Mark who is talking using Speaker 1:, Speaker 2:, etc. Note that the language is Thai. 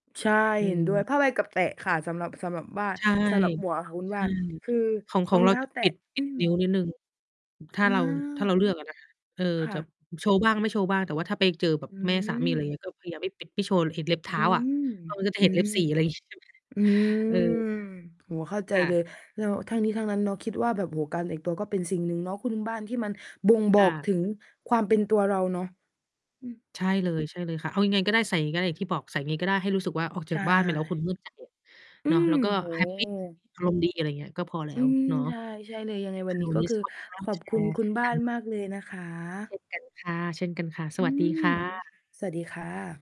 Speaker 1: ใช่
Speaker 2: อื
Speaker 1: เห็นด้วย ผ้า
Speaker 2: ม
Speaker 1: ใบกับแตะค่ะ สำหรับ สำหรับบ้าน
Speaker 2: ใช่
Speaker 1: สำหรับหมวกอะค่ะคุณ
Speaker 2: ใช
Speaker 1: บ
Speaker 2: ่
Speaker 1: ้าน คือ
Speaker 2: ของ ข
Speaker 1: ร
Speaker 2: อ
Speaker 1: อ
Speaker 2: ง
Speaker 1: ง
Speaker 2: เร
Speaker 1: เ
Speaker 2: า
Speaker 1: ท้า
Speaker 2: จะ
Speaker 1: แต
Speaker 2: ป
Speaker 1: ะ
Speaker 2: ิด ป
Speaker 1: อ
Speaker 2: ิ
Speaker 1: ื
Speaker 2: ด นิ้
Speaker 1: ม
Speaker 2: วนิดหนึ่ง อ ถ้า
Speaker 1: อา
Speaker 2: เรา ถ้าเราเลือก อะนะ เออ
Speaker 1: ค่
Speaker 2: จับ
Speaker 1: ะ
Speaker 2: โชว์บ้างไม่โชว์บ้าง แต่ว่าถ้าไปเจอแบบ
Speaker 1: อื
Speaker 2: แม่สามี ไรเง
Speaker 1: ม
Speaker 2: ี้ย ก็พยายามไม่ ปิด ไม่โชว์เห็นเล็บเท
Speaker 1: อ
Speaker 2: ้
Speaker 1: ื
Speaker 2: าอะ
Speaker 1: ม
Speaker 2: เออ จนจะ
Speaker 1: อื
Speaker 2: เห็นเล็
Speaker 1: ม
Speaker 2: บสี อะไร งี้ ใช่ไหม
Speaker 1: อืม
Speaker 2: เออ
Speaker 1: โอ้โฮ เข้าใจ
Speaker 2: ค่
Speaker 1: เ
Speaker 2: ะ
Speaker 1: ลย แล้วทั้งนี้ทั้งนั้นเนาะ คิดว่าแบบ โอ้โฮ การแต่งตัวก็เป็นสิ่งหนึ่งเนาะคุณบ้าน ที่มันบ่งบอ
Speaker 2: อ
Speaker 1: กถ
Speaker 2: า
Speaker 1: ึงความเป็นตัวเราเนาะ อืม
Speaker 2: ใช่เลย ใช่เลยค่ะ เอายังไงก็ได้ ใส่ไงก็ได้ ที่บอกใส่ไงก็ได้ ให้รู้สึกว่าออก
Speaker 1: ใ
Speaker 2: จ
Speaker 1: ช
Speaker 2: ากบ้านไปแล้ว คุณ
Speaker 1: ่
Speaker 2: มั่นใจอะ
Speaker 1: อื
Speaker 2: เนาะ แล
Speaker 1: ม
Speaker 2: ้วก็
Speaker 1: โอ้
Speaker 2: แฮ
Speaker 1: โ
Speaker 2: ป ปี
Speaker 1: ฮ
Speaker 2: อารมณ์ดี อะไรเงี้ย ก็พอแล้
Speaker 1: อื
Speaker 2: ว
Speaker 1: ม
Speaker 2: เนาะ
Speaker 1: ใช่ ใช่เลย ยังไงว
Speaker 2: ค
Speaker 1: ั
Speaker 2: ่
Speaker 1: น
Speaker 2: ะ
Speaker 1: นี้
Speaker 2: วัน
Speaker 1: ก็
Speaker 2: นี้
Speaker 1: คือ
Speaker 2: ขอบคุณมาก
Speaker 1: ข
Speaker 2: ม
Speaker 1: อ
Speaker 2: าแ
Speaker 1: บ
Speaker 2: ช
Speaker 1: คุณ
Speaker 2: ร์
Speaker 1: คุณบ้
Speaker 2: ก
Speaker 1: า
Speaker 2: ัน
Speaker 1: น
Speaker 2: เนาะ
Speaker 1: มากเลยนะคะ
Speaker 2: เช่นกันค่ะ ๆ ส
Speaker 1: อื
Speaker 2: วัสดี ค
Speaker 1: ม
Speaker 2: ่ะ
Speaker 1: สวัสดีค่ะ